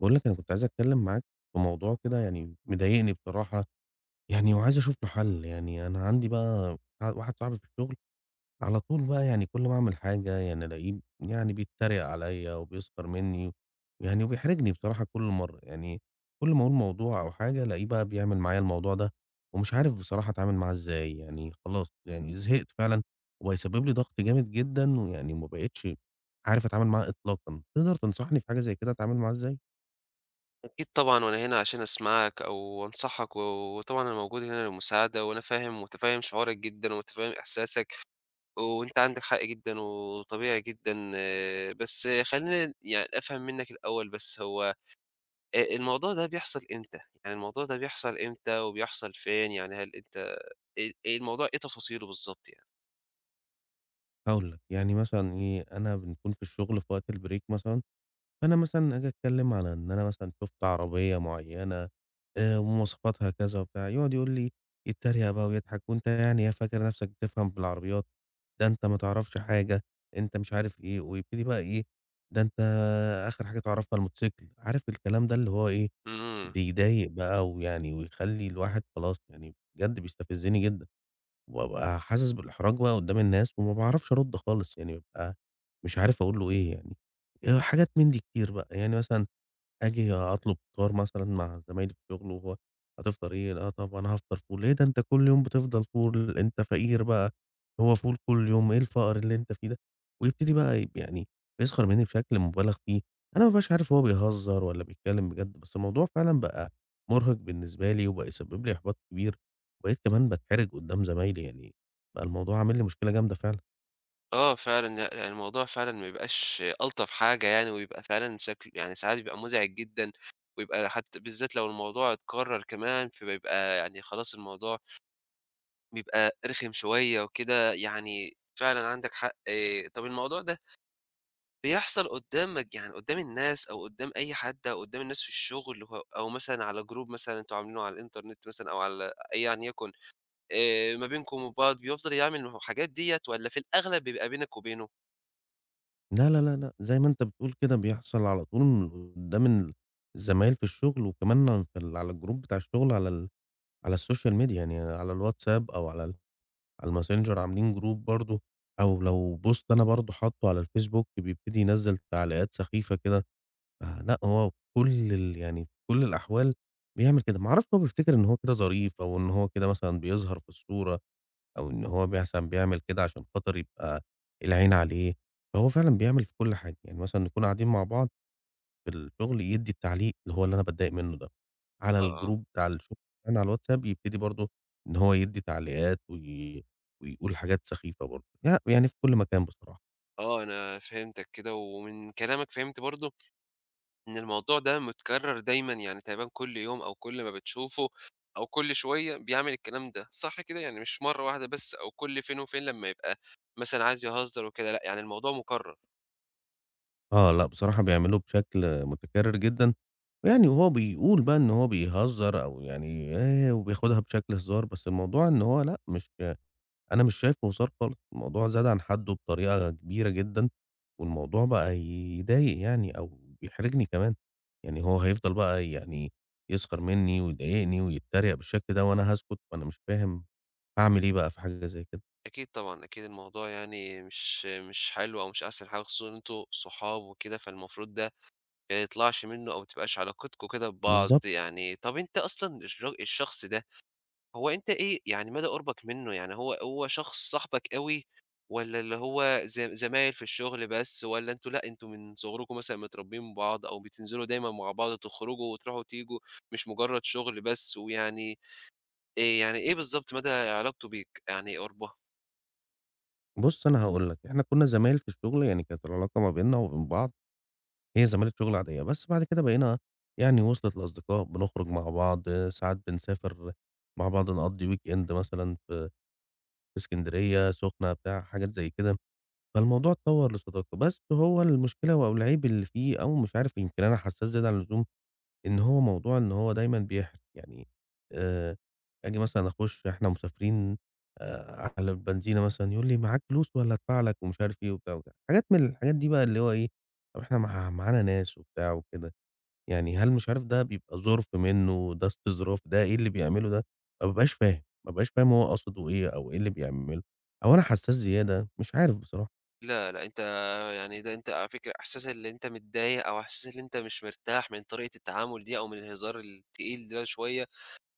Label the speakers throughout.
Speaker 1: باقول لك أنا كنت عايز أتكلِّم معاك في موضوع كده يعني مضايقني بصراحة، يعني وعايز أشوف له حَل. يعني أنا عندي بقى ع واحد صاحبي في الشُغل على طول بقى يعني كل ما أعمل حاجة يعني ألاقيه يعني بيتّريق عليّا وبيسْخر منّي يعني وبيحرجني بصراحة كل مرّة. يعني كل ما أقول موضوع أو حاجة، ألاقيه بقى بيعمل معايا الموضوع ده ومش عارف بصراحة أتعامل معاه إزاي، يعني خلاص يعني زهقت فعلًا وبقى يسبِّب لي ضَغْط جامد جدًا ويعني وما بقيتش عارف أتعامل معاه إطلاقًا. تقدر تنصحني في حاجة زي كده أتعامل معاه إزاي؟
Speaker 2: أكيد طبعًا وأنا هنا عشان أسمعك أو أنصحك و وطبعًا أنا موجود هنا للمساعدة وأنا فاهم ومُتفهِّم شُعورك جدًا ومُتفهِّم إحساسك وأنت عندك حق جدًا وطبيعي جدًا، بس خلّيني يعني أفهم منّك الأول بس هو آآ الموضوع ده بيحصل إمتى؟ يعني الموضوع ده بيحصل إمتى وبيحصل فين؟ يعني هل أنت آآ الموضوع إيه تفاصيله بالضبط يعني؟
Speaker 1: هاقول لك. يعني مثلًا إيه، أنا بنكون في الشُغل في وقت الbreak مثلًا، فأنا مثلًا آجي أتكلِّم على إن أنا مثلًا شُفت عربية معيّنة آآ ومواصفاتها كذا وبتاع، يقعًد يقول لي يتّريق بقى ويضحك "وأنت يعني إيه فاكر نَفْسك بتفهم في العربيات، ده أنت ما تعرفش حاجة،" أنت مش عارف إيه ويبتدي بقى إيه، "ده أنت آخِر حاجة تعرفها الموتوسيكل." عارف الكلام ده اللي هو إيه،
Speaker 2: إمم.
Speaker 1: بيضايق بقى ويعني ويخلّي الواحد خلاص يعني بجد بيستفزِّني جدًا وأبقى حاسس بالاحراج بقى قُدّام الناس وما باعرفش أرُد خالص، يعني بابقى مش عارف أقول له إيه يعني، آآ حاجات من دي كتير بقى. يعني مثلًا آجي أطلب فطار مثلًا مع زمايلي في الشُغل وهو "هتفطر إيه؟" "لأ، طَب أنا هافطر فول." "ليه؟ ده أنت كل يوم بتفضل فول، أنت فقير بقى هو فول كل يوم، إيه الفقر اللي أنت فيه ده." ويبتدي بقى ي يعني يسْخَر منّي بشكل مُبالغ فيه، أنا ما بابقاش عارف هو بيهزّر والّا بيتكلِّم بجد، بس الموضوع فعلًا بقى مُرهق بالنسبة لي وبقى يسبِّب لي إحباط كبير وبقيت كمان باتحرج قُدّام زمايلي، يعني بقى الموضوع عامل لي مشكلة جامدة فعلًا.
Speaker 2: آه فعلًا، ي يعني الموضوع فعلًا ما يبقاش ألطف حاجة يعني ويبقى فعلًا سكل يعني ساعات يبقى مُزعِج جدًا ويبقى حتّى بالذات لو الموضوع اتكرر كمان، فبيبقى يعني خلاص الموضوع بيبقى رِخم شوية وكده، يعني فعلًا عَندك حق. طَب الموضوع ده بيحصل قدّامك يعني قدّام الناس أو قدّام أي حد أو قدّام الناس في الشُغل اللي هو أو مثلًا على جروب مثلًا أنتم عاملينه على الinternet مثلًا أو على أي يعني يكن آآ ما بينكم وبعض بيفضل يعمل نهو الحاجات دِيّة والّا في الأغلب بيبقى بينك وبينه؟
Speaker 1: لا، لا، لا، لأ زي ما أنت بتقول كده بيحصل على طول وقدّام ال الزمايل في الشُغل وكمان اغ في ال على الجروب بتاع الشُغل على ال على السوشيال ميديا يعني على الwhatsapp أو على ال على الMessenger عاملين جروب برضه أو لو بوست أنا برضه حاطّه على الfacebook بيبتدي ينزّل تعليقات سخيفة كده. فلأ، هو وكل ال يعني في كل الأحوال بيعمل كده. ما أعرفش هو بيفتكر إن هو كده ظريف أو إن هو كده مثلًا بيظهر في الصورة أو إن هو مثلًا بيعمل كده عشان خاطر يبقى العين عليه فهو فعلًا بيعمل في كل حاجة. يعني مثلًا نكون قاعدين مع بعض في الشُغل يدّي التعليق اللي هو اللي أنا باتضايق منُّه ده على
Speaker 2: آه، آه.
Speaker 1: الجروب بتاع الشُغل كمان على الwhatsapp يبتدي برضه إن هو يدّي تعليقات وي ويقول حاجات سخيفة برضه. ي ويعني في كل مكان بصراحة.
Speaker 2: آه، أنا فهمتك كده ومن كلامك فهمت برضه إن الموضوع ده متكرر دايمًا يعني تقريبًا كل يوم أو كل ما بتشوفه أو كل شوية بيعمل الكلام ده. صح كده؟ يعني مش مرّة واحدة بس أو كل فين وفين لمّا يبقى مثلًا عايز يهزّر وكده، لأ، يعني الموضوع مكرر.
Speaker 1: آه، لأ، بصراحة بيعمله بشكل مُتكرر جدًا، يعني وهو بيقول بقى إن هو بيهزر أو يعني آآ وبياخدها بشكل هزار، بس الموضوع إن هو لأ، مش ك أنا مش شايفه هزار خالص، الموضوع زاد عن حَدّه بطريقة كبيرة جدًا، والموضوع بقى ي يضايق يعني أو بيحرجني كمان. يعني هو هيفضل بقى يعني يسخر منّي ويضايقني ويتّريق بالشكل ده وأنا هاسكت؟ فأنا مش فاهم أعمل إيه بقى في حاجة زي كده؟
Speaker 2: أكيد طبعًا أكيد الموضوع يعني مش مش حلو أو مش أحسن حاجة خصوصًا إن أنتم صحاب وكده فالمفروض ده ما يطلعش منُّه أو ما تبقاش علاقتكم كده ببعض.
Speaker 1: بالضبط.
Speaker 2: يعني طَب أنت أصلًا الچ الشخص ده، هو أنت إيه يعني مدى قُربك منُّه؟ يعني هو هو شخص صاحبك أوي والّا اللي هو زم زمايل في الشُغل بس؟ والّا أنتم لأ، أنتم من صُغركم مثلًا متربيين بعض أو بتنزِلوا دايمًا مع بعض تخرُجوا وتروحوا وتيجوا؟ مش مجرّد شُغل بس ويعني آآ يعني إيه بالضبط مدى علاقته بيك؟ يعني قُربها.
Speaker 1: بُص أنا هاقول لك. إحنا كنّا زمايل في الشُغل يعني كانت العلاقة ما بيننا وما بين بعض هي زمالة شُغل عادية، بس بَعد كده بقينا يعني وصلت لأصدقاء بنخرُج مع بعض ساعات بنسافر مع بعض نقضّي weekend مثلًا ف في إسكندرية، السُخنة بتاع حاجات زي كده، فالموضوع اتطوّر لصداقة بس هو المشكلة و أو العيب اللي فيه أو مش عارف يمكن أنا حساس زيادة عن اللزوم، إن هو موضوع إن هو دايمًا بيحرِج. يعني آآ آجي مثلًا أخُش إحنا مسافرين آآ على البنزينة مثلًا يقول لي معاك فلوس والّا أدفع لك ومش عارف إيه وبتاع وكده. حاجات من الحاجات دي بقى اللي هو إيه طَب إحنا مع معانا ناس وبتاع وكده. يعني، هل مش عارف ده بيبقى ظُرف منُّه؟ ده استظراف؟ ده إيه اللي بيعمله ده؟! ما بابقاش فاهم، ما بابقاش فاهم هو قصده إيه أو إيه اللي بيعمله أو أنا حساس زيادة، مش عارف بصراحة.
Speaker 2: لا، لأ، أنت يعني ده أنت على فكرة إحساس اللي أنت متضايق أو إحساس اللي أنت مش مرتاح من طريقة التعامل دي أو من الهزار التقيل ده شوية،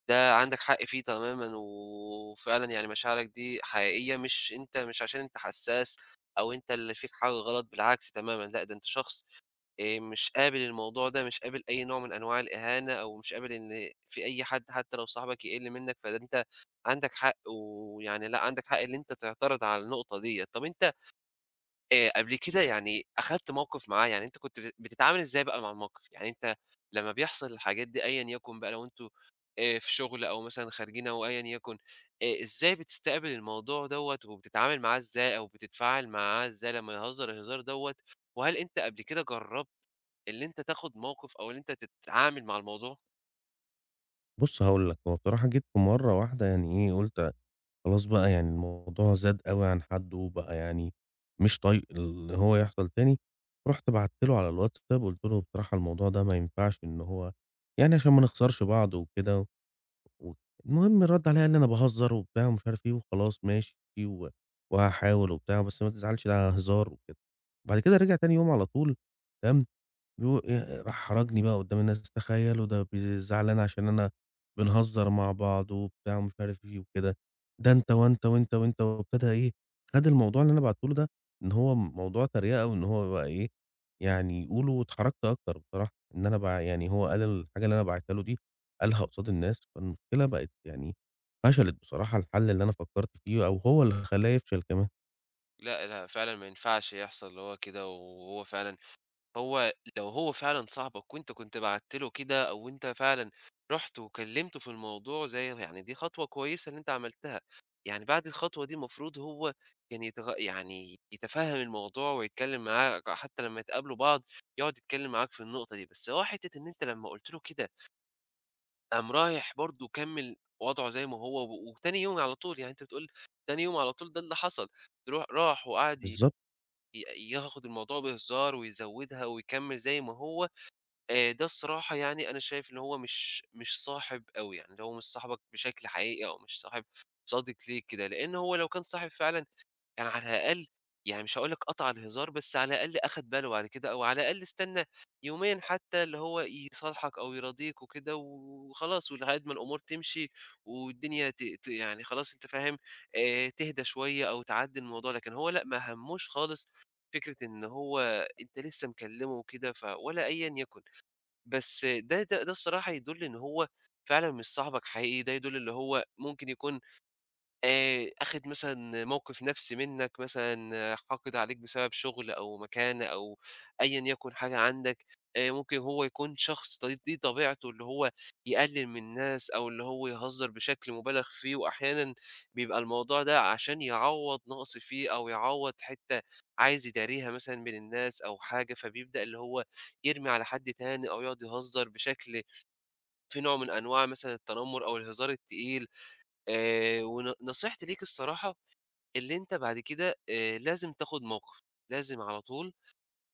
Speaker 2: ده عَندك حق فيه تمامًا، و وفعلًا يعني مشاعرك دي حقيقية مش أنت مش عشان أنت حساس أو أنت اللي فيك حاجة غلط بالعكس تمامًا، لأ، ده أنت شخص آآ مش قابل الموضوع ده مش قابل أي نوع من أنواع الإهانة أو مش قابل إن في أي حد حتّى لو صاحبك يقِل منّك فده أنت عَندك حق ويعني لأ، عَندك حق اللي أنت تعترض على النقطة دِيّة. طَب أنت آآ قبل كده يعني أخدت مَوقِف معاه، يعني أنت كنت ب بتتعامل إزاي بقى مع المَوقِف؟ يعني أنت لمّا بيحصل الحاجات دي أيًا يكن بقى لو أنتم آآ في شُغل أو مثلًا خارجين أو أيًا يكن، آآ إزاي بتستقبل الموضوع دَوّة وبتتعامل معاه إزاي أو بتتفاعل معاه ازاي لمّا يهزر الهزار دَوّة، وهل أنت قبل كده جرّبت اللي أنت تاخد مَوقِف أو اللي أنت تتعامل مع الموضوع؟
Speaker 1: بُص هاقول لك، هو بصراحة جيت في مرّة واحدة يعني إيه، قُلت خلاص بقى يعني الموضوع زاد أوي عن حدّه وبقى يعني مش طايق اللي هو يحصل تاني، رُحت بعت له على الWhatsapp وقُلت له: "بصراحة الموضوع ده ما ينفعش إن هو يعني عشان ما نخسرش بعض وكده ود" المهم رَد عليّا قال لي: "أنا باهزّر،" وبتاع ومش عارف إيه وخلاص ماشي و وهاحاول وبتاع، بس ما تزعلش ده هزار وكده. بعد كده رجع تاني يوم على طول، بيقو آآ راح حرَجني بقى قدّام الناس، "تخيّلوا ده بي زعلان عشان أنا بنهزّر مع بعض،" وبتاع ومش عارف إيه وكده. ده أنت وأنت وأنت وأنت وابتدى إيه، خَد الموضوع اللي أنا بعته له ده إن هو موضوع تريقة وإن هو بقى إيه، يعني يقوله واتحرجت أكتر بصراحة إن أنا بقى يعني هو قال الحاجة اللي أنا باعتها له دي قالها قصاد الناس، فالمشكلة بقت يعني فشلت بصراحة الحَل اللي أنا فكّرت فيه أو هو اللي خلّاه يفشل كمان.
Speaker 2: لأ، لأ، فعلًا ما ينفعش يحصل اللي هو كده و وهو فعلًا هو لو هو فعلًا صاحبك وأنت كنت بعتت له كده أو وأنت فعلًا رُحت وكلِّمته في الموضوع زي ر يعني دي خطوة كويسة اللي أنت عملتها، يعني بعد الخطوة دي مفروض هو يعني كان يتغ يعني يتفهَّم الموضوع ويتكلِّم معاك، حتّى لمّا ي تقابلوا بعض يقعُد يتكلِّم معاك في النقطة دي، بس هو حتة إن أنت لمّا قُلت له كده قام رايح برضه كمِّل وضْعه زي ما هو و وتاني يوم على طول، يعني أنت بتقول تاني يوم على طول ده اللي حصل ترو راح وقعد ي
Speaker 1: بالضبط.
Speaker 2: ي ياخُد الموضوع بهزار ويزوّدها ويكمِّل زي ما هو، آآ ده الصراحة يعني أنا شايف إن هو مش مش صاحب أوي، يعني اللي هو مش صاحبك بشكل حقيقي أو مش صاحب صادق ليك كده، لإن هو لو كان صاحب فعلًا كان على الأقل يعني مش هاقول لك قطع الهزار، بس على الأقل أخَد باله بعد كده أو على الأقل استنّى يومين حتّى اللي هو يصالحك أو يراضيك وكده و وخلاص ولحد ما الأمور تمشي والدنيا ت ت يعني خلاص أنت فاهم، آآ تهدى شوية أو تعدّي الموضوع، لكن هو لأ، ما همّوش خالص فكرة إن هو أنت لسّه مكلِّمه وكده ف ولا أيًا يَكُن. بس ده ده ده الصراحة يدُل إن هو فعلًا مش صاحبك حقيقي، ده يدُل اللي هو ممكن يكون آآ آخِد مثلًا موقِف نَفْسي منّك مثلًا حاقد عليك بسبب شُغل أو مكانة أو أيًا يَكُن حاجة عندك، آآ ممكن هو يكون شخص ط دي دي طبيعته اللي هو يقلِّل من الناس أو اللي هو يهزّر بشكل مُبالغ فيه وأحيانًا بيبقى الموضوع ده عشان يعوّض نَقْص فيه أو يعوّض حتّة عايز يداريها مثلًا من الناس أو حاجة، فبيبدأ اللي هو يرمي على حد تاني أو يقعُد يهزّر بشكل فيه نوع من أنواع مثلًا التنمُّر أو الهزار التقيل آآ ون نصيحتي ليك الصراحة، اللي أنت بعد كده آآ لازم تاخُد موقِف، لازم على طول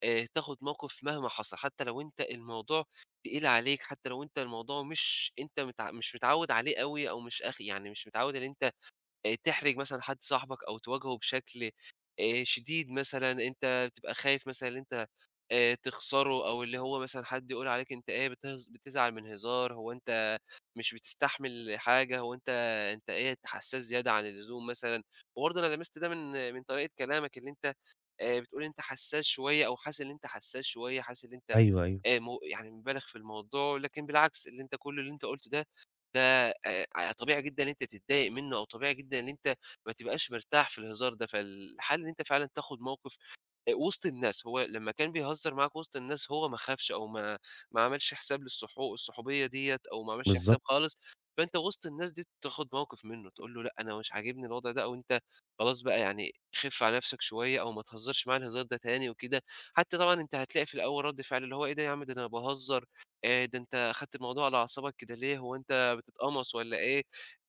Speaker 2: آآ تاخُد موقف مهما حصل حتّى لو أنت الموضوع تقيل عليك حتّى لو أنت الموضوع مش أنت مت مش متعوّد عليه أوي أو مش أخ يعني مش متعوّد اللي أنت آآ تحرج مثلًا حد صاحبك أو تواجهه بشكل آآ شديد مثلًا أنت بتبقى خايف مثلًا اللي أنت آآ تخسره أو اللي هو مثلًا حد يقول عليك أنت إيه بتهز بتزعل من هزار، هو أنت مش بتستحمل حاجة، هو أنت أنت إيه حسّاس زيادة عن اللزوم مثلًا وبرضه أنا لَمست ده من من طريقة كلامك اللي أنت آآ بتقول أنت حسّاس شوية أو حاسس اللي أنت حسّاس شوية، حاسس اللي أنت
Speaker 1: أيوه، أيوه.
Speaker 2: آآ م يعني مُبالغ في الموضوع، لكن بالعكس اللي أنت كل اللي أنت قُلته ده، ده آآ اع طبيعي جدًا اللي أنت تتضايق منّه أو طبيعي جدًا اللي أنت ما تبقاش مرتاح في الهزار ده، فالحل اللي أنت فعلًا تاخُد موقِف آآ وِسط الناس، هو لمّا كان بيهزّر معاك وِسط الناس هو ما خافش أو ما ما عملش حساب للصح الصحوبية دِيّة أو ما عملش
Speaker 1: بالضبط.
Speaker 2: حساب خالص، فأنت وِسط الناس دي ت تاخُد موقِف منُّه، تقول له لأ، أنا مش عاجبني الوضع ده أو أنت خلاص بقى يعني خِف على نَفْسك شوية أو ما تهزّرش معايا الهزار ده تاني وكده، حتّى طبعًا أنت هتلاقي في الأول رَد فعلة اللي هو إيه ده يا عم، ده أنا باهزّر، آآ ده أنت أخدت الموضوع على أعصابك كده ليه، هو أنت بتتقمص والّا إيه؟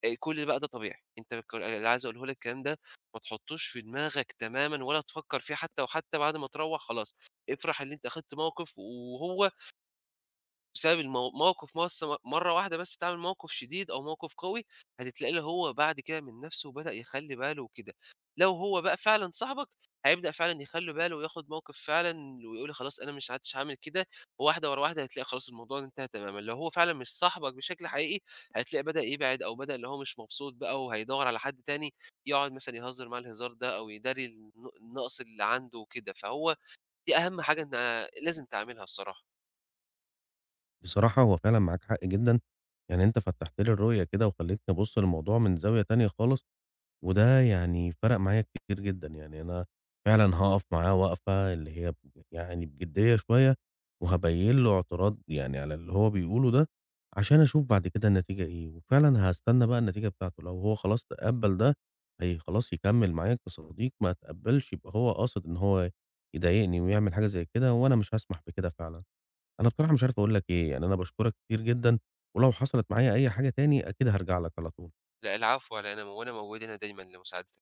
Speaker 2: آآ كل ده بقى ده طبيعي. أنت كل ال اللي عايز أقوله لك الكلام ده ما تحطّوش في دماغك تمامًا ولا تفكّر فيه حتّى، وحتى بعد ما تروّح خلاص افرح اللي أنت أخدت موقِف و وهو بسبب المو موقِف مس م مرّة واحدة بس تعمل موقِف شديد أو موقِف قوي، هتتلاقيه اللي هو بعد كده من نَفْسه بدأ يخلّي باله وكده. لو هو بقى فعلًا صاحبك، هيبدأ فعلًا يخلّي باله وياخُد موقِف فعلًا ويقول خلاص أنا مش عدتش هاعمل كده وواحدة ورا واحدة هتلاقي خلاص الموضوع ده انتهى تمامًا، لو هو فعلًا مش صاحبك بشكل حقيقي، هتلاقيه بدأ يبعد أو بدأ اللي هو مش مبسوط بقى وهيدوّر على حد تاني يقعُد مثلًا يهزّر معاه الهزار ده أو يداري الن النقص اللي عنده وكده، فهو دي أهَم حاجة أنت لازم تعملها الصراحة.
Speaker 1: بصراحة هو فعلًا معاك حق جدًا، يعني أنت فتّحت لي الرؤية كده وخلّيتني أبُص للموضوع من زاوية تانية خالص، وده يعني فَرق معايا كتير جدًا، يعني أنا فعلًا هاقف معاه واقفة اللي هي ب ب يعني بجِديّة شوية وهابيّن له اعتراض يعني على اللي هو بيقوله ده، عشان أشوف بعد كده النتيجة إيه وفعلًا هاستنى بقى النتيجة بتاعته، لو هو خلاص تقبّل ده، هي خلاص يكمّل معايا كصديق، ما اتقبّلش يبقى هو قاصد إن هو يضايقني ويعمل حاجة زي كده، وأنا مش هاسمح بكده فعلًا. أنا بصراحة مش عارف أقول لك إيه، يعني أنا باشكرك كتير جدًا ولو حصلت معايا أي حاجة تاني، أكيد هارجع لك على طول.
Speaker 2: لأ العفو على إيه أنا مو وأنا موجود هنا دايمًا لمساعدتك.